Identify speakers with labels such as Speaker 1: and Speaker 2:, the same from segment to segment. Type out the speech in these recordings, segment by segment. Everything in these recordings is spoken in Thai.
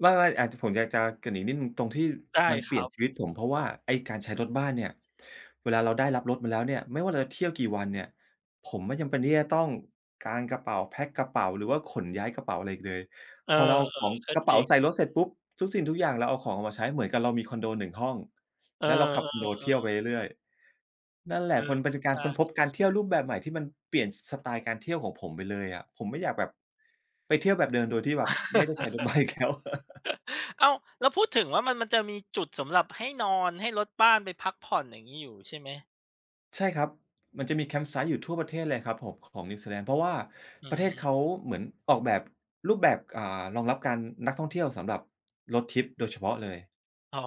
Speaker 1: ไม่ ๆ อ่า ผมอยากจะเกริ่นอีกนิดหนึ่งตรงที่
Speaker 2: ได้
Speaker 1: มันเ
Speaker 2: ค
Speaker 1: ปลี
Speaker 2: ร
Speaker 1: ่ย
Speaker 2: ั
Speaker 1: น
Speaker 2: บ
Speaker 1: ชีวิตผม เพราะว่า ไอ้การใช้รถบ้านเนี่ย เวลาเราได้รับรถมาแล้วเนี่ย ไม่ว่าเราจะเที่ยวกี่วันเนี่ย ผมไม่จำเป็นที่จะต้องกางกระเป๋าแพ็กกระเป๋า หรือว่าขนย้ายกระเป๋าอะไรอีกเลย
Speaker 2: เออ
Speaker 1: พอเราเอาของ
Speaker 2: ๆ ก็
Speaker 1: กระเ
Speaker 2: จ
Speaker 1: ป๋
Speaker 2: ร
Speaker 1: า
Speaker 2: ิง
Speaker 1: ใส่รถเสร็จปุ๊บ ทุกสิ่งทุกอย่างเราเอาของออกมาใช้ เหมือนกับเรามีคอนโด 1 ห้อง
Speaker 2: เออ
Speaker 1: แล้วเราขับคอนโดเที่ยว
Speaker 2: ๆ ๆ
Speaker 1: ไปเรื่อย ๆ นั่นแหล
Speaker 2: เ
Speaker 1: ะ
Speaker 2: อ
Speaker 1: พ
Speaker 2: อ
Speaker 1: ล เป็น ต ก
Speaker 2: ใ
Speaker 1: า
Speaker 2: ช
Speaker 1: ร
Speaker 2: ่
Speaker 1: ค้นพบการ
Speaker 2: ๆ
Speaker 1: เที่ยวรูปแบบใหม่ที่มันเปลี่ยนสไตล์การเที่ยวของผมไปเลยอะ ผมไม่อยากแบบ ไปเที่ยวแบบเดิมโดยที่แบบไม่ได้ใช้ รถบ้านอีกแล้ว
Speaker 2: อ้าว แล้วพูดถึงว่า มัน มันจะมีจุดสำหรับให้นอน ให้รถบ้านไปพักผ่อนอย่างงี้อยู่ ใช่ไหม?
Speaker 1: ใช่ครับ มันจะมี camp site อยู่ทั่วประเทศเลยครับผมของนิวซีแลนด์ เพราะว่า
Speaker 2: อื
Speaker 1: ประเทศเ
Speaker 2: ม
Speaker 1: ขาเหมือนออกแบบ รูปแบบ ก อ่า รองรับการ นักท่องเที่ยวสำหรับ Road Trip โดยเฉพาะเลย
Speaker 2: อ๋อ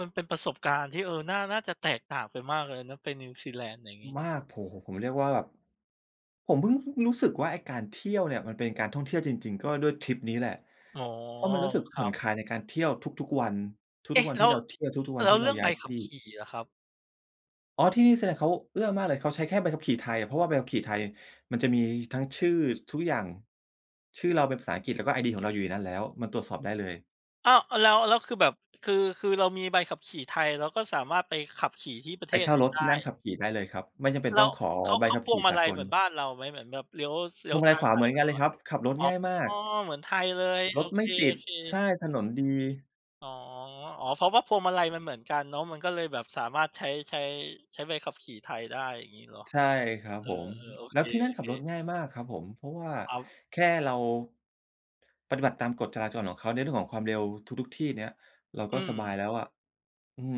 Speaker 2: มันเป็นประสบการณ์ที่ เออ น่า น่าจะแตกต่างกันมากเลยนะไปนิวซีแลนด์ อย่างงี้
Speaker 1: มาก โอ้โฮ ผมเรียกว่าแบบ ผมเพิ่งรู้สึกว่าไอ้การเที่ยวเนี่ยมันเป็นการท่องเที่ยวจริง ๆ ก็ด้วยทริปนี้แหละ
Speaker 2: อ๋อ
Speaker 1: เพราะมันรู้สึก
Speaker 2: ค
Speaker 1: ผ
Speaker 2: ร
Speaker 1: ่
Speaker 2: ั
Speaker 1: อน
Speaker 2: บ
Speaker 1: คลายในการเที่ยวทุก ๆ วัน ท
Speaker 2: เอ
Speaker 1: ุ
Speaker 2: ๊
Speaker 1: ก
Speaker 2: ะ
Speaker 1: ๆ วัน
Speaker 2: แล
Speaker 1: ที
Speaker 2: ้
Speaker 1: ่
Speaker 2: ว
Speaker 1: เราเที่ยว ทุก ๆ วั
Speaker 2: แ
Speaker 1: น
Speaker 2: ล้
Speaker 1: ท
Speaker 2: ว
Speaker 1: ี่
Speaker 2: เ
Speaker 1: เ
Speaker 2: ร
Speaker 1: ร
Speaker 2: ื
Speaker 1: า
Speaker 2: ่อง
Speaker 1: ย
Speaker 2: ใ
Speaker 1: ้า
Speaker 2: บ
Speaker 1: ยท
Speaker 2: ขั
Speaker 1: ี
Speaker 2: บ
Speaker 1: ่
Speaker 2: ขี่ล่ะครับ?
Speaker 1: อ๋อ ที่นิวซีแลนด์เขาเอื้อมากเลย เขาใช้แค่ใบขับขี่ไทยอะ เพราะว่าใบขับขี่ไทยมันจะมีทั้งชื่อ ทุกอย่าง ชื่อเราเป็นภาษาอังกฤษ แล้วก็ไอดีของเราอยู่ในนั้น แล้วมันตรวจสอบได้เลย
Speaker 2: อ้าว อ แล้ว แล้วคือแบบ คือ คือเรามีใบขับขี่ไทย เราก็สามารถไปขับขี่ที่ประเ
Speaker 1: ไ
Speaker 2: ท
Speaker 1: ปเ
Speaker 2: ศ
Speaker 1: ช่า
Speaker 2: นี้
Speaker 1: รถ
Speaker 2: ได
Speaker 1: ท
Speaker 2: ้
Speaker 1: ี่นั่นขับขี่ได้เลยครับ ไม่จำเป็
Speaker 2: แ
Speaker 1: น
Speaker 2: ล้
Speaker 1: ต้อ
Speaker 2: ว
Speaker 1: งขอ
Speaker 2: เขา
Speaker 1: ใบ
Speaker 2: เขา
Speaker 1: ขับ
Speaker 2: พ
Speaker 1: ข
Speaker 2: วง
Speaker 1: ี่
Speaker 2: มา
Speaker 1: สา
Speaker 2: ลัย
Speaker 1: ก
Speaker 2: เหม
Speaker 1: ล
Speaker 2: ือนบ้านเราไหม เหมือนแบบเลี้ยว ส เลี้
Speaker 1: พ
Speaker 2: ย
Speaker 1: ว
Speaker 2: ว
Speaker 1: งมา
Speaker 2: ซ
Speaker 1: ล
Speaker 2: ้
Speaker 1: ัย
Speaker 2: าย
Speaker 1: ขวา
Speaker 2: ผ่
Speaker 1: เ
Speaker 2: า
Speaker 1: ห
Speaker 2: น
Speaker 1: มือน
Speaker 2: ต
Speaker 1: กัน
Speaker 2: ล
Speaker 1: เ
Speaker 2: อ
Speaker 1: ลย
Speaker 2: ด
Speaker 1: ครับ ขับรถง่ายมา
Speaker 2: อ๋
Speaker 1: ก
Speaker 2: อ เหมือนไทยเลย
Speaker 1: ร
Speaker 2: โอ
Speaker 1: ถไม
Speaker 2: เค
Speaker 1: ่ติด ใช
Speaker 2: ๆ
Speaker 1: ่ ถนนดี
Speaker 2: อ๋อ อ๋อ เพราะว่าพวงมาลัยมันเหมือนกันเนาะ มันก็เลยแบบสามารถใช้ ใช้ ใช้ใบขับขี่ไทยได้ อย่างงี้เหรอ?
Speaker 1: ใช่ครับ
Speaker 2: เออ
Speaker 1: ผม
Speaker 2: เออ โอ
Speaker 1: แล้
Speaker 2: เค
Speaker 1: วที่นั่นขับรถ
Speaker 2: ๆ
Speaker 1: ง่ายมากครับผม เพราะว่า
Speaker 2: ครับ
Speaker 1: แค่เรา ปฏิบัติตามกฎจราจรของเขาในเรื่องของความเร็วทุก ๆ ที่เนี้ย เรา
Speaker 2: อ
Speaker 1: ก็
Speaker 2: ื
Speaker 1: สบาย
Speaker 2: ม
Speaker 1: แล้วอะ อืม